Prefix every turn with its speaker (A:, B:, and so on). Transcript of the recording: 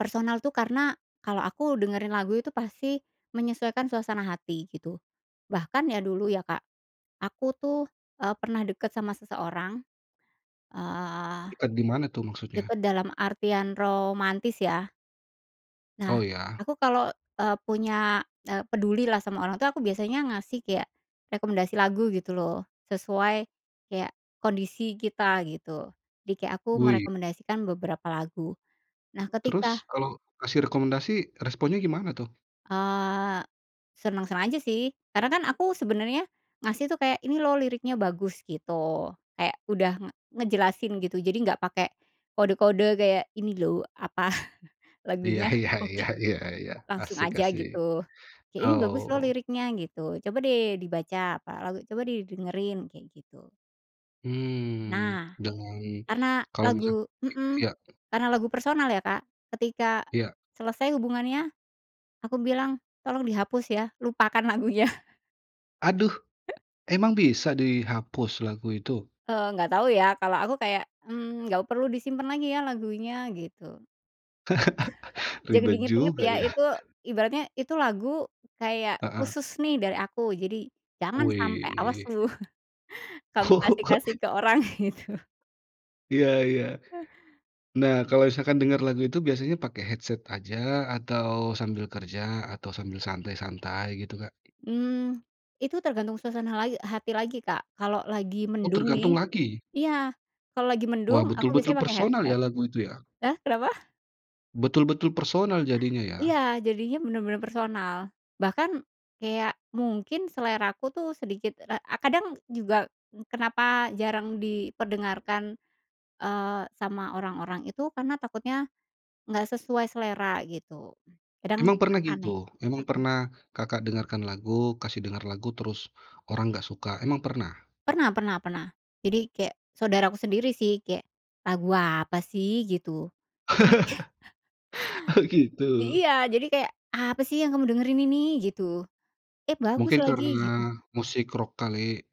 A: Personal tuh karena, kalau aku dengerin lagu itu pasti menyesuaikan suasana hati gitu. Bahkan ya dulu ya Kak, aku tuh, eee, pernah deket sama seseorang. Eee,
B: Dekat gimana tuh maksudnya?
A: deket dalam artian romantis ya. Nah
B: Oh ya.
A: aku kalau, eee, punya peduli lah sama orang tuh aku biasanya ngasih kayak rekomendasi lagu gitu loh, sesuai kayak kondisi kita gitu. Jadi kayak aku
B: Woi.
A: merekomendasikan beberapa lagu. Nah
B: Terus,
A: ketika
B: kalau kasih rekomendasi responnya gimana tuh?
A: Eee, seneng-seneng aja sih, karena kan aku sebenarnya ngasih tuh kayak, "Ini loh liriknya bagus" gitu, kayak udah ng ngejelasin gitu, jadi nggak pakai kode-kode kayak ini loh, apa,
B: Iya
A: lagunya
B: iya
A: oke.
B: iya iya iya.
A: Langsung
B: Asik
A: aja
B: asik.
A: gitu, kayak, "Ini bagus loh
B: Oh.
A: liriknya" gitu, "coba deh dibaca apa lagu, coba deh dengerin," kayak gitu.
B: Mmm,
A: Nah.
B: dan
A: Karena
B: kalau misal
A: lagu hmm,
B: ya?
A: karena lagu personal ya Kak, ketika
B: Ya.
A: selesai hubungannya, aku bilang tolong dihapus ya, lupakan lagunya.
B: Aduh, emang bisa dihapus lagu itu?
A: Eee, nggak tau ya, kalau aku kayak, "mmm, nggak perlu disimpan lagi ya lagunya" gitu. "Jangan
B: Ribet
A: diinget-inget
B: juga
A: ya"
B: ya?
A: itu ibaratnya, "itu lagu kayak
B: Heeh.
A: khusus nih dari aku, jadi jangan sampai, awas
B: Wih.
A: lu, kamu kasih-kasih ke orang" gitu.
B: Iya iya. Nah kalau misalkan dengar lagu itu biasanya pakai headset aja, atau sambil kerja, atau sambil santai-santai gitu Kak?
A: Mmm, itu tergantung suasana lai hati lagi Kak. Kalau lagi
B: Oh
A: mendung
B: tergantung
A: nih
B: lagi?
A: iya, kalau lagi
B: Wah
A: mendung aku
B: betul-betul
A: biasanya pakai
B: personal
A: headset.
B: ya lagu itu ya?
A: Hah, kenapa?
B: Betul-betul personal jadinya ya?
A: Iya, jadinya benar-benar personal. Bahkan kayak mungkin selera aku tuh sedikit ra eee, kadang juga kenapa jarang diperdengarkan, eee, sama orang-orang itu, karena takutnya nggak sesuai selera gitu, kadang
B: Emang
A: suka
B: pernah
A: aneh.
B: gitu, emang
A: Hmm.
B: pernah Kakak dengarkan lagu, kasih dengar lagu terus orang nggak suka? Emang pernah?
A: Pernah pernah pernah, jadi kayak saudara aku sendiri sih, kayak, "Lagu apa sih" gitu di
B: Oh, gitu.
A: Iya, jadi kayak, "Apa sih yang kamu dengerin ini?" gitu. "Eh bagus
B: Mungkin
A: lagi,"
B: karena
A: gitu.
B: musik rock kali?